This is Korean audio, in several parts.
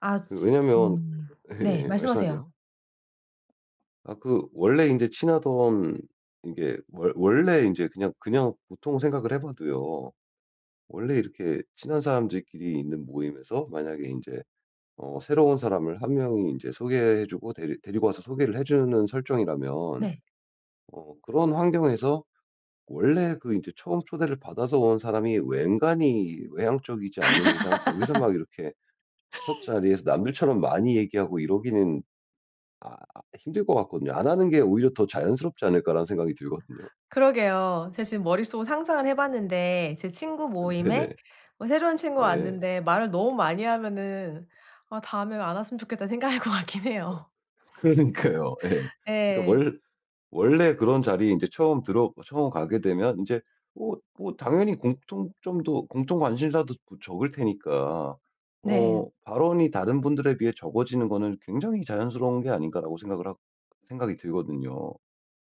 아 그 즈 왜냐하면 음. 네 예예 말씀하세요. 말씀하세요. 아 그 원래 인제 친하던 이게 원 원래 인제 그냥 그냥 보통 생각을 해봐도요. 원래 이렇게 친한 사람들끼리 있는 모임에서 만약에 인제 어 새로운 사람을 1 명이 인제 소개해 주고 데리 데리고 와서 소개를 해 주는 설정이라면 네. 어 그런 환경에서 원래 그 이제 처음 초대를 받아서 온 사람이 웬간히 외향적이지 않는 이상 거기서 막 이렇게 첫 자리에서 남들처럼 많이 얘기하고 이러기는 아 힘들 것 같거든요. '안 하는 게 오히려 더 자연스럽지 않을까.'라는 생각이 들거든요. 그러게요. 제가 지금 머릿속으로 상상을 해 봤는데 제 친구 모임에 네네. 어 새로운 친구가 네. 왔는데 말을 너무 많이 하면은 '아 다음에 안 왔으면 좋겠다.' 생각할 것 같긴 아 해요. 그러니까요. 예. 그러니까 예. 원 원래 그런 자리에 인제 처음 들어 처음 가게 되면 인제 어 뭐 당연히 공통점도 공통 관심사도 뭐 적을 테니까 어 네. '발언이 다른 분들에 비해 적어지는 거는 굉장히 자연스러운 게 아닌가.'라고 생각을 하 생각이 들거든요.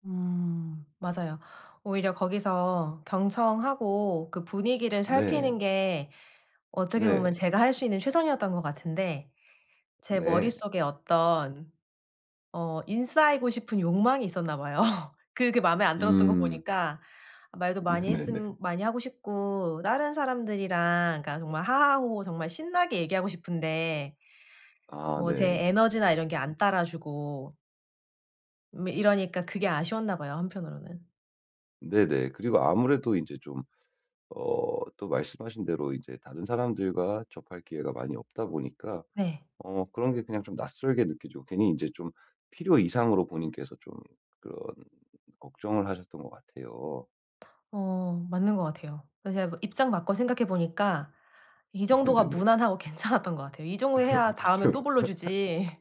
음. 맞아요. 오히려 거기서 경청하고 그 분위기를 네. 살피는 게 어떻게 보면 네. 제가 할 수 있는 최선이었던 것 같은데 제 네. 머릿속에 어떤 어 인싸이고 싶은 욕망이 있었나 봐요. 그게 마음에 안 들었던 거 음. 보니까 말도 많이 네네네. 했음 많이 하고 싶고 다른 사람들이랑 그러니까 정말 하하 호호 정말 신나게 얘기하고 싶은데 아 뭐 제 네. 에너지나 이런 게 안 따라주고 뭐 이러니까 그게 아쉬웠나 봐요, 한편으로는. 네네. 그리고 아무래도 이제 좀 어 또 말씀하신 대로 이제 다른 사람들과 접할 기회가 많이 없다 보니까 네. 어 그런 게 그냥 좀 낯설게 느끼죠. 괜히 인제 좀 필요 이상으로 본인께서 좀 그런 걱정을 하셨던 것 같아요. 어 맞는 것 같아요. 그래서 제가 입장 바꿔 생각해 보니까 이 정도가 네네네. 무난하고 괜찮았던 것 같아요. 이 정도 해야 다음에 그쵸. 또 불러주지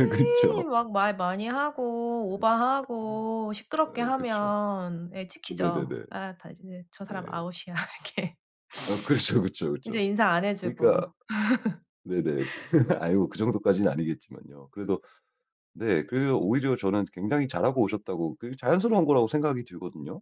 괜히 그쵸. 막 말 많이 하고 오버하고 시끄럽게 아 그쵸. 하면 예 찍히죠. 네네네. '아 다시는 저 사람 네. 아웃이야.' 이렇게. 어 그렇죠, 그쵸, 이제 그쵸. 인사 안 그러니까 해주고. 네네. 아이고 그 정도까지는 아니겠지만요. 그래도 네 그래서 오히려 저는 굉장히 잘하고 오셨다고 그게 자연스러운 거라고 생각이 들거든요.